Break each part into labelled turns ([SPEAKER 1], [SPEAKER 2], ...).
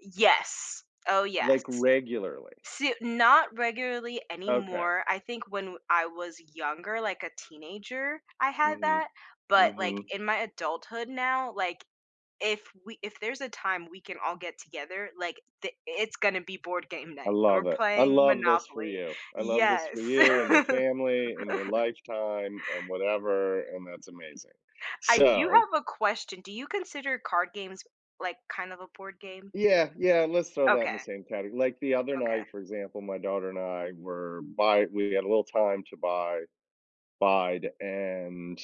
[SPEAKER 1] Yes. Oh yes.
[SPEAKER 2] Like, regularly.
[SPEAKER 1] Soo Not regularly
[SPEAKER 2] Okay.
[SPEAKER 1] anymore. I think when w I was younger, like a teenager, I had
[SPEAKER 2] Mhm,
[SPEAKER 1] that, but, like,
[SPEAKER 2] mhm.
[SPEAKER 1] in my adulthood now, like, if we if there's a time we can all get together, like, de it's gonna be board game
[SPEAKER 2] I
[SPEAKER 1] night and
[SPEAKER 2] love
[SPEAKER 1] we're
[SPEAKER 2] it. I
[SPEAKER 1] playing
[SPEAKER 2] love this for
[SPEAKER 1] Monopoly.
[SPEAKER 2] you. I love this
[SPEAKER 1] Yes.
[SPEAKER 2] for you and your family and your lifetime and whatever, and that's amazing.
[SPEAKER 1] I do
[SPEAKER 2] So
[SPEAKER 1] have a question, do you consider card games, like, kind of a board game?
[SPEAKER 2] Yeah, yeah, let's throw that in the
[SPEAKER 1] Okay.
[SPEAKER 2] same categ like the other
[SPEAKER 1] Okay.
[SPEAKER 2] night, for example, my daughter and I were bi we had a little time to bi bide and,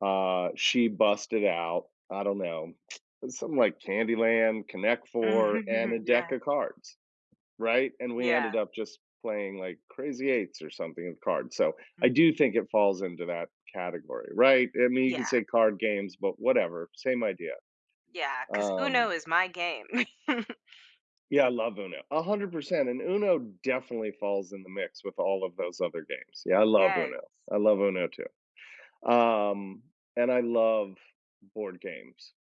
[SPEAKER 2] uh, she busted out. I don't know. Uh, something like Candy Land, Connect Four, and a
[SPEAKER 1] Mhm. Yes.
[SPEAKER 2] deck of cards, right? And we
[SPEAKER 1] Yeah.
[SPEAKER 2] ended up just playing, like, Crazy Eights or something and cards, so
[SPEAKER 1] Mm.
[SPEAKER 2] I do think it falls into that category, right, I mean, you
[SPEAKER 1] Yeah.
[SPEAKER 2] can say card games, but whatever, same idea.
[SPEAKER 1] Yeah, 'cause
[SPEAKER 2] Um
[SPEAKER 1] UNO is my game.
[SPEAKER 2] Yeah, I love UNO. 100% and UNO definitely falls in the mix with all of those other games. Yeah, I love
[SPEAKER 1] Yes.
[SPEAKER 2] UNO. I love UNO too. Um, and I love board games.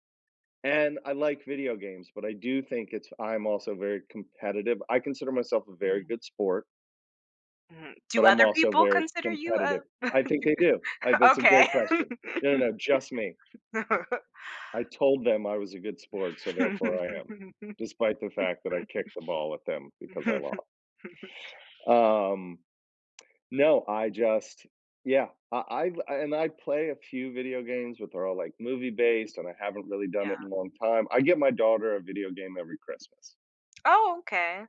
[SPEAKER 2] And I like video games, but I do think it's I am also very competitive. I consider myself a very
[SPEAKER 1] Mm.
[SPEAKER 2] good sport
[SPEAKER 1] Mhm. Do
[SPEAKER 2] but I'm
[SPEAKER 1] other
[SPEAKER 2] also
[SPEAKER 1] people
[SPEAKER 2] very
[SPEAKER 1] consider you a
[SPEAKER 2] competitive. I think
[SPEAKER 1] Do
[SPEAKER 2] they do. I That's a
[SPEAKER 1] Okay.
[SPEAKER 2] great question. No, no, no. Just me. I told them I was a good sport, so therefore I am, despite the fact that I kicked the ball at them because I lo Um, no, I just yeah, I I glu a and I play a few video games, but they're all, like, movie-based, and I haven't really done it in
[SPEAKER 1] Yeah.
[SPEAKER 2] a long time. I get my daughter a video game every Christmas.
[SPEAKER 1] Oh, okay.